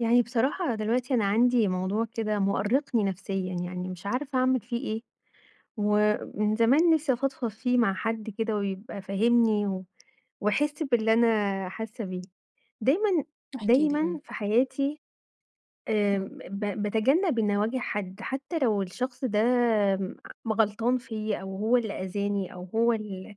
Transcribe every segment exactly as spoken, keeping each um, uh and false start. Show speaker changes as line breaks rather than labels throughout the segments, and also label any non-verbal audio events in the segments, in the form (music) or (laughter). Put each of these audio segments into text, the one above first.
يعني بصراحة دلوقتي أنا عندي موضوع كده مؤرقني نفسيًا، يعني مش عارفة أعمل فيه إيه، ومن زمان نفسي افضفض فيه مع حد كده، ويبقى فاهمني و ويحس باللي أنا حاسة بيه. دايمًا
احكي لي
دايمًا
إمم.
في حياتي آآ ب
إمم.
ب باتجنب إني أواجه حد، حتى لو الشخص ده م غلطان فيّا، أو هو اللي أذاني أو هو ال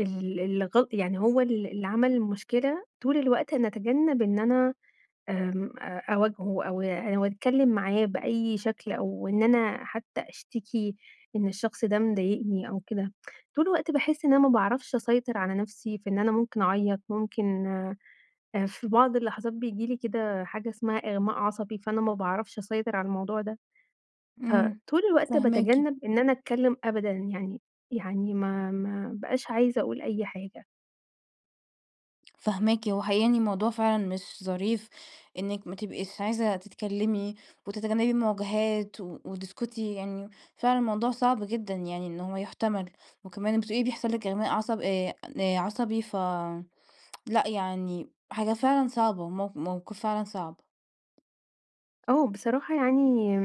ال اللي غل يعني هو ال اللي عمل المشكلة، طول الوقت أنا اتجنب إن أنا، آمم أ أواجهه أو أو أتكلم معاه بأي شكل، أو إن أنا حتى أشتكي إن الشخص ده مضايقني أو كده، طول الوقت باحس إن أنا ما باعرفش أسيطر على نفسي في إن أنا ممكن اعيط، ممكن آآ في بعض اللحظات بييجي لي كده حاجة اسمها إغماء عصبي، فأنا ما باعرفش أسيطر على الموضوع ده.
إمم،
فطول الوقت
فاهماكِ.
باتجنب إن أنا أتكلم أبدًا يعني يعني ما ما ابقاش عايزة أقول أي حاجة.
فاهماكِ هو حقيقة يعني موضوع فعلًا مش ظريف، إنِك ما تبقيش عايزة تتكلمي، وتتجنبي المواجهات، و وتسكتي يعني، فعلًا الموضوع صعب جدًا يعني إن هو يُحتمل، وكمان بتقولي بيحصل لِك إغماء عصب آآ عصبي ف (tsk) لأ يعني حاجة فعلًا صعبة مو موقف فعلًا صعب.
آه بصراحة يعني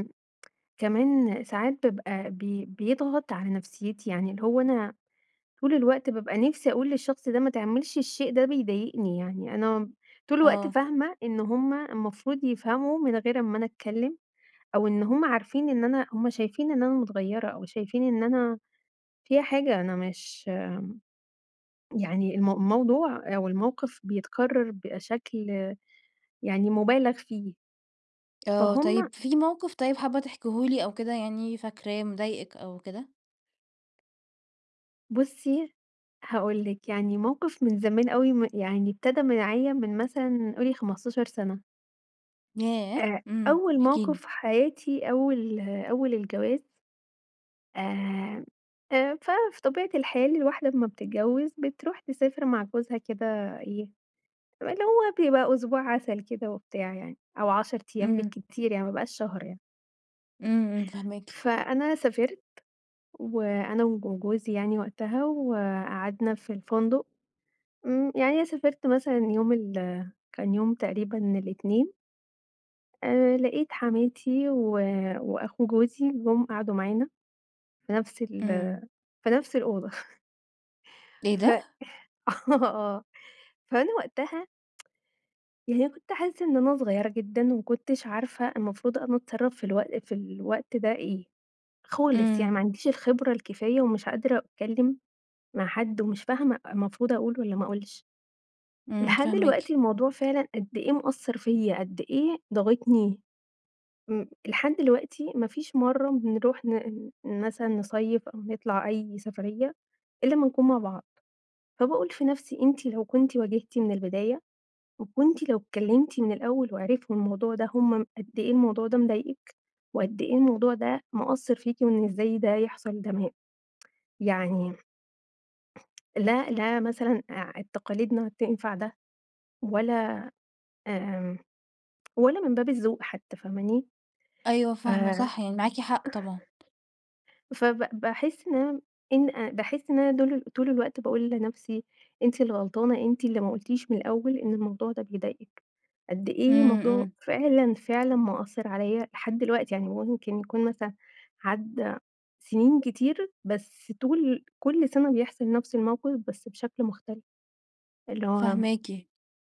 كمان ساعات بابقى بي بيضغط على نفسيتي، يعني اللي هو أنا طول الوقت بابقى نفسي أقول للشخص ده ما تعملش الشيء ده بيضايقني يعني، أنا طول الوقت
آه.
فاهمة إن هُم المفروض يفهموا من غير ما أنا أتكلم، أو إن هُم عارفين إن أنا هُم شايفين إن أنا متغيرة أو شايفين إن أنا فيَّ حاجة، أنا مش يعني المو الموضوع أو الموقف بيتكرر بشكل يعني مُبالغ فيه.
آه،
فهُم
طيب في موقف طيب حابة تحكيه لي أو كده يعني فاكراه مضايقِك أو كده؟
بُصّي، هاقول لِك يعني موقف من زمان أوي م يعني ابتدى معايا من مثلًا قولي خمستاشر سنة.
ياه!
آآ،
إمم،
أول
احكي
موقف
لي.
في حياتي أول أول الجواز آآ، آآ، ففي طبيعة الحال الواحدة لما بتتجوز بتروح تسافر مع جوزها كده إيه، اللي هو بيبقى أسبوع عسل كده وبتاع يعني، أو عشر أيام
إمم.
بالكتير يعني، ما بيبقاش شهر يعني.
إمم، إمم، فاهماكِ.
فأنا سافرت وأنا وج جوزي يعني وقتها وقعدنا في الفندق، إمم، يعني أنا سافرت مثلًا يوم ال كان يوم تقريبًا الإتنين آآ لقيت حماتي و وأخو جوزي جُم قعدوا معانا في نفس ال
إمم.
في نفس الأوضة (chuckles)
إيه
ف
ده؟
(chuckles) آه، فأنا وقتها (tsk) يعني أنا كنت حاسة إن أنا صغيرة جدًا وما كنتش عارفة المفروض أنا أتصرف في الوق في الوقت ده إيه، خالص، يعني
إمم.
ما عنديش الخبرة الكفاية ومش قادرة أتكلم مع حد ومش فاهمة المفروض أقول والّا ما أقولش.
إمم،
لحد
فاهماكِ.
دلوقتي الموضوع فعلًا قد إيه مأثر فيَّ، قد إيه ضاغطني. م لحد دلوقتي ما فيش مرّة بنروح ن مثلًا نصيِّف أو نطلع أي سفرية إلا ما نكون مع بعض. فباقول في نفسي أنتِ لو كنتِ واجهتِ من البداية وكنتِ لو اتكلمتِ من الأول وعرفوا الموضوع ده هم قد إيه الموضوع ده مضايقِك، وقد إيه الموضوع ده مأثر فيكِ وإن إزاي ده يحصل ده ما (tsk) يعني لأ، لا، مثلًا آع ال تقاليدنا تنفع ده، ولا، آمم، (tsk) ولا من باب الذوق حتى، فاهماني؟
أيوه
ف
فاهمة، صح، يعني معاكِ حق
(unintelligible)
طبعًا.
فب باحس إن أنا إن باحس إن أنا دول ال طول الوقت باقول لنفسي أنتِ اللي غلطانة، أنتِ اللي ما قُلتيش من الأول إن الموضوع ده بيضايقِك، قد إيه
امم،
الموضوع
امم.
فعلًا فعلًا مأثر عليَّ لحد دلوقتي، يعني ممكن يكون مثلًا عدّى سنين كتير بس طول كل سنة بيحصل نفس الموقف بس بشكل مختلف. اللي هو
فاهماكِ،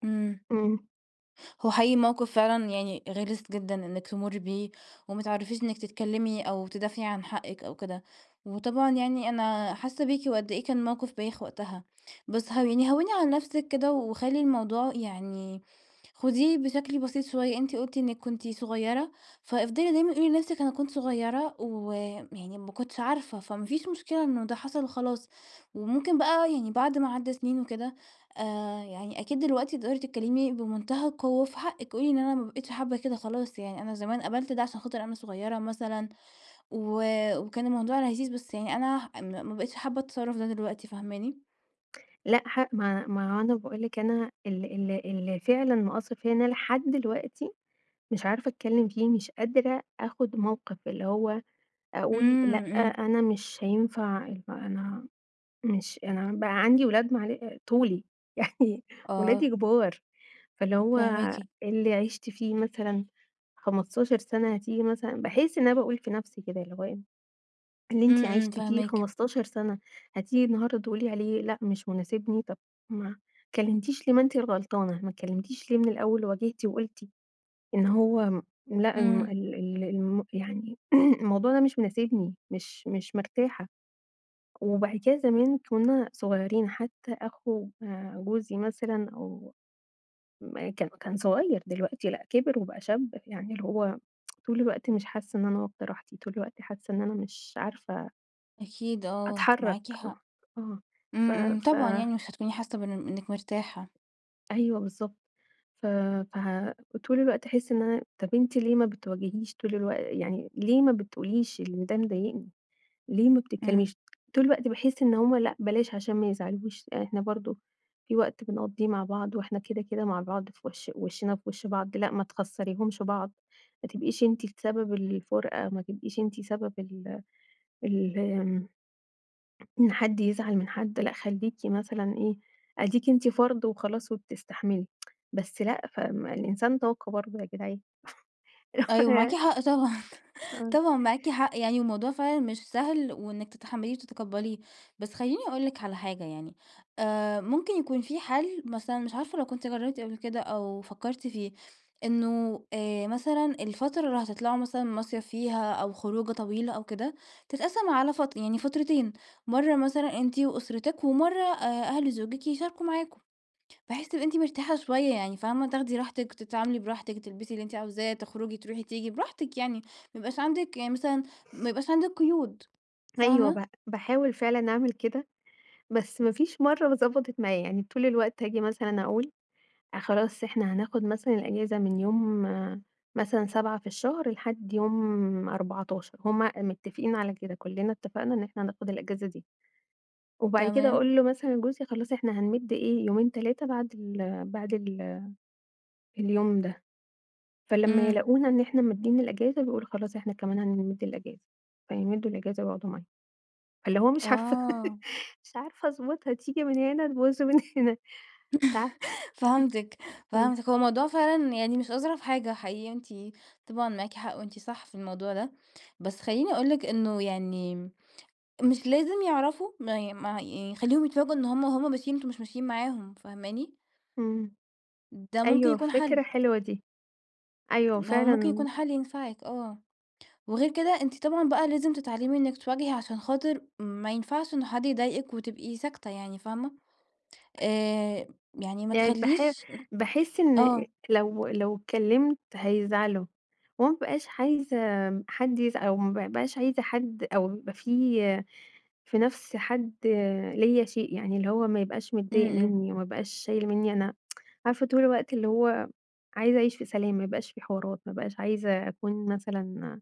امم.
إمم.
هو حقيقي موقف فعلًا يعني غِلِس جدًا إنِك تمُري بيه وما تعرفيش إنِك تتكلمي أو تدافعي عن حقك أو كده، وطبعًا يعني أنا حاسة بيكِ وقد إيه كان موقف بايخ وقتها. بس هَوِّني هَوِّني عن نفسِك كده وخلّي الموضوع يعني خديه بشكل بسيط شوية، أنتِ قُلتِ إنِك كنتِ صغيرة، فأفضلي دايمًا قولي لنفسِك أنا كنت صغيرة ويعني ما كنتش عارفة، فما فيش مشكلة إنه ده حصل خلاص، وممكن بقى يعني بعد ما عدّى سنين وكده آآ يعني أكيد دلوقتي تقدري تتكلمي بمنتهى القوة في حقِك، قولي إن أنا ما بقيتش حابة كده خلاص، يعني أنا زمان قبلت ده عشان خاطر أنا صغيرة مثلًا و وكان الموضوع لذيذ بس يعني أنا م ما بقيتش حابة التصرف ده دلوقتي، فاهماني؟
لأ، ح ما ما أنا باقول لِك أنا ال ال اللي فعلًا مأثر فيَّ إن أنا لحد دلوقتي مش عارفة أتكلم فيه، مش قادرة آخد موقف، اللي هو أقول
إمم،
لأ،
إمم.
أنا مش هينفع يبقى أنا مش أنا بقى عندي أولاد معل طولي، (chuckles) يعني ولادي
آه.
كبار، فاللي هو
فاهماكِ.
اللي عشتِ فيه مثلًا خمستاشر سنة هتيجي مثلًا باحس إن أنا باقول في نفسي كده اللي هو إيه، اللي أنتِ
امم، امم،
عشتِ فيه
فاهماكِ.
خمستاشر سنة، هتيجي النهاردة تقولي عليه لأ مش مناسبني؟ طب ما اتكلمتيش ليه، ما أنتِ الغلطانة، ما اتكلمتيش ليه من الأول وواجهتِ وقلتِ إن هو لأ، الم
إمم.
ال ال الم يعني (clears throat) الموضوع ده مش مناسبني، مش مش مرتاحة. وبعد كدا زمان كنا صغيرين، حتى أخو آآ جوزي مثلًا أو ما كا كان صغير، دلوقتي لأ كبر وبقى شاب، يعني اللي هو (tsk) طول الوقت مش حاسة إن أنا واخدة راحتي، طول الوقت حاسة إن أنا مش عارفة
أكيد آه، معاكِ
أتحرك
حق.
(unintelligible) ف
امم، امم،
ف
طبعًا يعني مش هتكوني حاسة بإن بإنِك مرتاحة.
أيوه بالضبط، ف فه طول الوقت أحس إن أنا طب أنتِ ليه ما بتواجهيش طول الوق يعني ليه ما بتقوليش إن ده مضايقني؟ ليه ما
امم.
بتتكلميش؟ طول الوقت باحس إن همّ لأ بلاش عشان ما يزعلوش، يعني إحنا برضو في وقت بنقضيه مع بعض، وإحنا كده كده مع بعض في وش وشنا في وش بعض، لأ ما تخسّريهمش بعض، ما تبقيش أنتِ السبب الفُرقة، ما تبقيش أنتِ سبب ال ال آمم... إن حد يزعل من حد لأ، خليكِ مثلًا إيه أديكِ أنتِ فرد وخلاص وبتستحملي (tsk) بس لأ فالإنسان طاقه برضو يا جدعان.
أيوه معاكِ
(laughs) (unintelligible)
حق طبعًا، (chuckles)
آه.
طبعًا معاكِ حق يعني، والموضوع فعلًا مش سهل وإنِك تتحمليه وتتقبليه، بس خليني أقول لِك على حاجة يعني آآ، ممكن يكون في حل مثلًا مش عارفة لو كنتِ جربتِ قبل كده أو فكرتِ فيه، إنه آآ، مثلًا الفترة اللي هتطلعوا مثلًا مصيف فيها أو خروجة طويلة أو كده، تتقسم على فت يعني فترتين، مرة مثلًا أنتِ وأسرتك، ومرة آآ، أهل زوجك يشاركوا معاكم، بحيث تبقي أنتِ مرتاحة شوية يعني، فاهمة تاخدي راحتِك، تتعاملي براحتِك، وتلبسي اللي أنتِ عاوزاه، تخرجي تروحي تيجي براحتك يعني، ما يبقاش عندك يعني مثلًا ما يبقاش عندك قيود،
أيوه ب
فاهمة؟
باحاول فعلًا أعمل كده، بس ما فيش مرة ضبطت معايا، يعني طول الوقت هاجي مثلًا أقول: خلاص إحنا هناخد مثلًا الأجازة من يوم مثلًا سبعة في الشهر لحد يوم أربعتاشر، هم متفقين على كده، كلنا اتفقنا إن إحنا هناخد الأجازة دي. وبعد كده
تمام.
أقول له مثلًا جوزي خلاص إحنا هنمد إيه يومين تلاتة بعد ال بعد ال اليوم ده، فلما
امم.
يلاقونا إن إحنا مادين الأجازة، بيقولوا خلاص إحنا كمان هنمد الأجازة، فيمدوا الأجازة ويقعدوا معانا. فاللي هو مش عارفة
آه
مش عارفة أضبطها، تيجي من هنا تبوظ من هنا، مش عارفة،
(laughs) فهمتِك،
(chuckles) امم.
فهمتِك، هو الموضوع فعلًا يعني مش أظرف حاجة حقيقة، أنتِ طبعًا معاكِ حق وأنتِ صح في الموضوع ده، بس خليني أقول لك إنه يعني مش لازم يعرفوا، ما ي ما يعني خليهم يتفاجؤوا إن هم، وهم ماشيين أنتم مش ماشيين معاهم، فاهماني؟
امم،
ده ممكن
أيوه
يكون
فكرة
حل.
حلوة دي، أيوه
هو ممكن
فعلًا
يكون حل ينفعِك آه، وغير
(unintelligible)
كده أنتِ طبعًا بقى لازم تتعلمي إنك تواجهي عشان خاطر ما ينفعش إن حد يضايقِك وتبقي ساكتة يعني فاهمة؟ آآ يعني ما
يعني باح
تخليش
باحس إن
آه.
لو لو اتكلمت هيزعلوا، وما بابقاش عايزة حد يزع أو ما بابقاش عايزة حد أو يبقى في نفس حد ليَّ شيء يعني، اللي هو ما يبقاش
امم،
متضايق
امم.
مني، ما يبقاش شايل مني أنا، (tsk) عارفة طول الوقت اللي هو عايزة أعيش في سلام، ما يبقاش في حوارات، ما أبقاش عايزة أكون مثلًا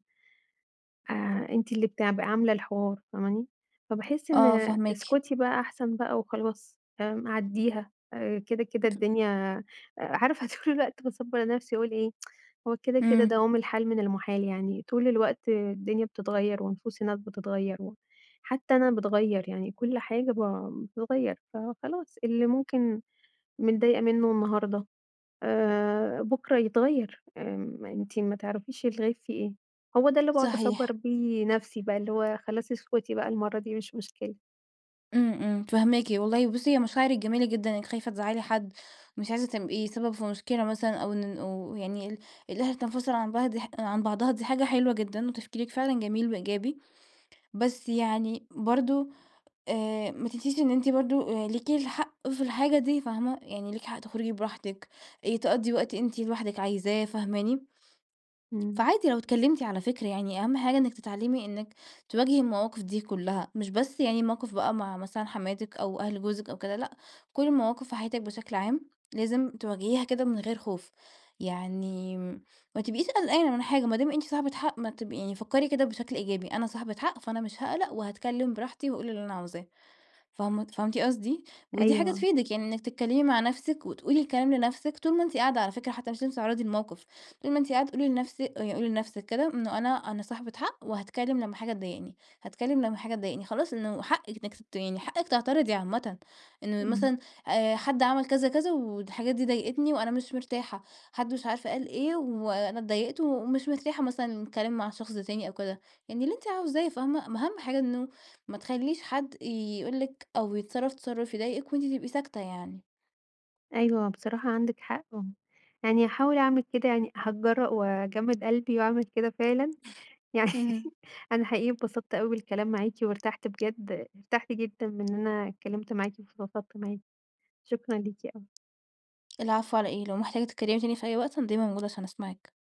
آآ، أنتِ اللي بتع ب عاملة الحوار، فاهماني؟ فباحس
آه
إن
فاهماكِ.
اسكتي بقى أحسن بقى وخلاص، آمم، عديها، آآ كده كده
(unintelligible)
الدنيا عارفة طول الوقت باصبّر نفسي وأقول إيه؟ (tsk) هو كده كده
امم.
دوام الحال من المُحال يعني، طول الوقت الدنيا بتتغير، ونفوس الناس بتتغير، وحتى أنا باتغير يعني، كل حاجة ب بتتغير، فخلاص اللي ممكن متضايقة منه النهاردة آآ، بكرة يتغير، آمم، أنتِ ما تعرفيش الغيب فيه إيه، هو ده اللي باقعد أصبّر
صحيح.
بيه نفسي بقى، اللي هو خلاص اسكتي بقى المرة دي مش مشكلة.
إمم، إمم، فهماكِ والله. بصي، هي مشاعرك جميلة جدًا، أنِك خايفة تزعلي حد، مش عايزة تبقي سبب في مشكلة مثلًا، أو إن أو يعني ال الأهل تنفصل عن بعض عن بعضها، دي حاجة حلوة جدًا، وتفكيرك فعلًا جميل وإيجابي. بس يعني برضه آآ، ما تنسيش إن أنتِ برضه ليكي الحق في الحاجة دي، فاهمة؟ يعني ليكي حق تخرجي براحتك، آآ، تقضي وقت أنتِ لوحدك عايزاه، فاهماني؟
إمم.
فعادي لو إتكلمتي، على فكرة، يعني أهم حاجة إنِك تتعلمي إنِك تواجهي المواقف دي كلها، مش بس يعني موقف بقى مع مثلًا حماتك أو أهل جوزك أو كده، لأ، كل المواقف وحياتك بشكل عام لازم تواجهيها كده من غير خوف، يعني ما تبقيش قلقانة من حاجة ما دام أنتِ صاحبة حق. ما تب يعني فكري كده بشكل إيجابي، أنا صاحبة حق، فأنا مش هاقلق، وهاتكلم براحتي وأقول اللي أنا عاوزاه. فهم فهمتِ قصدي؟ ودي حاجة
أيوه.
تفيدِك يعني، إنك تتكلمي مع نفسِك وتقولي الكلام لنفسِك طول ما أنتِ قاعدة، على فكرة، حتى مش لازم تتعرضي للموقف. طول ما أنتِ قاعدة قولي لنفسِك، قولي لنفسِك كده: إنه أنا، أنا صاحبة حق، وهاتكلم. لما حاجة تضايقني هاتكلم، لما حاجة تضايقني هاتكلم، خلاص. إنه حقِك إنك ت يعني حقِك تعترضي عامة. إنه
إمم.
مثلًا آآ، حد عمل كذا، كذا، والحاجات دي ضايقتني، وأنا مش مرتاحة. حد مش عارف قال إيه، وأنا أتضايقت ومش مرتاحة مثلًا للكلام مع الشخص ده تاني، أو كده، يعني اللي أنتِ عاوزاه، فاهمة؟ أما أهم حاجة إنه ما تخليش حد يقول لِك أو يتصرف تصرف يضايقِك، وأنتِ تبقي ساكتة يعني.
أيوه، بصراحة عندك حق و يعني هاحاول أعمل كده، يعني هاتجرأ وأجمد قلبي وأعمل كده فعلًا. يعني
اهم.
(chuckles) أنا حقيقي أتبسطت أوي بالكلام معاكِ، وارتحت بجد، ارتحت جدًا من إني اتكلمت معاكِ وفضفضت معاكِ. شكرًا ليكِ أوي.
العفو، على إيه؟ لو محتاجة تتكلمي تاني في أي وقت، أنا دايمًا موجودة عشان أسمعك.